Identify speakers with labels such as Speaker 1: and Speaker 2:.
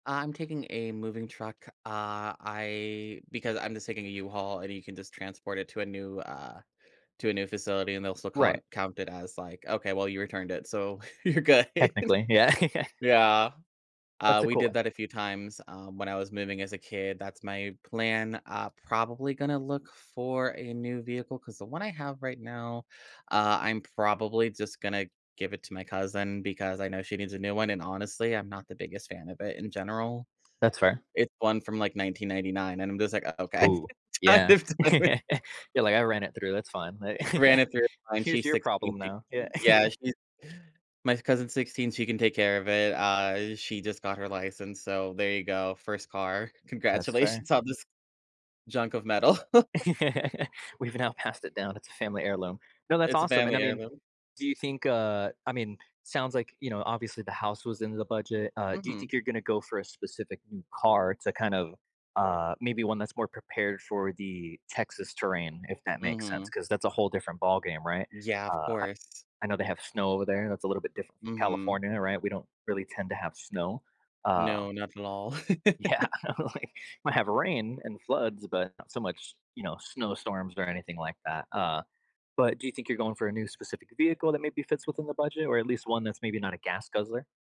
Speaker 1: I'm taking a moving truck. Uh, I because I'm just taking a U-Haul, and you can just transport it to a new, uh to a new facility, and they'll still
Speaker 2: Right.
Speaker 1: cont count it as, like, "Okay, well, you returned it, so you're good."
Speaker 2: Technically. Yeah, yeah.
Speaker 1: Yeah. Uh,
Speaker 2: That's a
Speaker 1: we
Speaker 2: cool
Speaker 1: did
Speaker 2: one.
Speaker 1: that a few times, um, when I was moving as a kid. That's my plan. Uh, probably gonna look for a new vehicle 'cause the one I have right now, uh, I'm probably just gonna give it to my cousin because I know she needs a new one, and honestly, I'm not the biggest fan of it in general.
Speaker 2: That's fair.
Speaker 1: It one from, like, 1999, and I'm just like, okay,
Speaker 2: Ooh,
Speaker 1: kind
Speaker 2: yeah.
Speaker 1: of done with
Speaker 2: You're like, "I ran it through. That's fine.
Speaker 1: Ran it through her mind.
Speaker 2: Here's
Speaker 1: She's
Speaker 2: your
Speaker 1: 16.
Speaker 2: problem
Speaker 1: She
Speaker 2: now." Yeah.
Speaker 1: yeah, she my cousin's 16, she can take care of it. Uh, she just got her license, so there you go, first car.
Speaker 2: That's fair.
Speaker 1: Congratulations on this junk of metal.
Speaker 2: "We've now passed it down; it's a family heirloom." No, that's
Speaker 1: It's a
Speaker 2: awesome. And
Speaker 1: family
Speaker 2: I mean,
Speaker 1: heirloom.
Speaker 2: do you think, uh I mean, sounds like, you know, obviously the house was in the budget. Uh, do you
Speaker 1: Mhm.
Speaker 2: think you're gonna go for a specific new car to kind of, uh, maybe one that's more prepared for the Texas terrain, if that makes sense?
Speaker 1: Mhm.
Speaker 2: 'Cause that's a whole different ballgame, right?
Speaker 1: Yeah. Of
Speaker 2: Uh, I
Speaker 1: course.
Speaker 2: I know they have snow over there; that's a little bit different from
Speaker 1: Mhm.
Speaker 2: California, right? We don't really tend to have snow, uh
Speaker 1: No, not at all.
Speaker 2: Yeah, like, might have rain and floods, but not so much, you know, snowstorms or anything like that. Uh, but do you think you're going for a new specific vehicle that maybe fits within the budget or at least one that's maybe not a gas guzzler?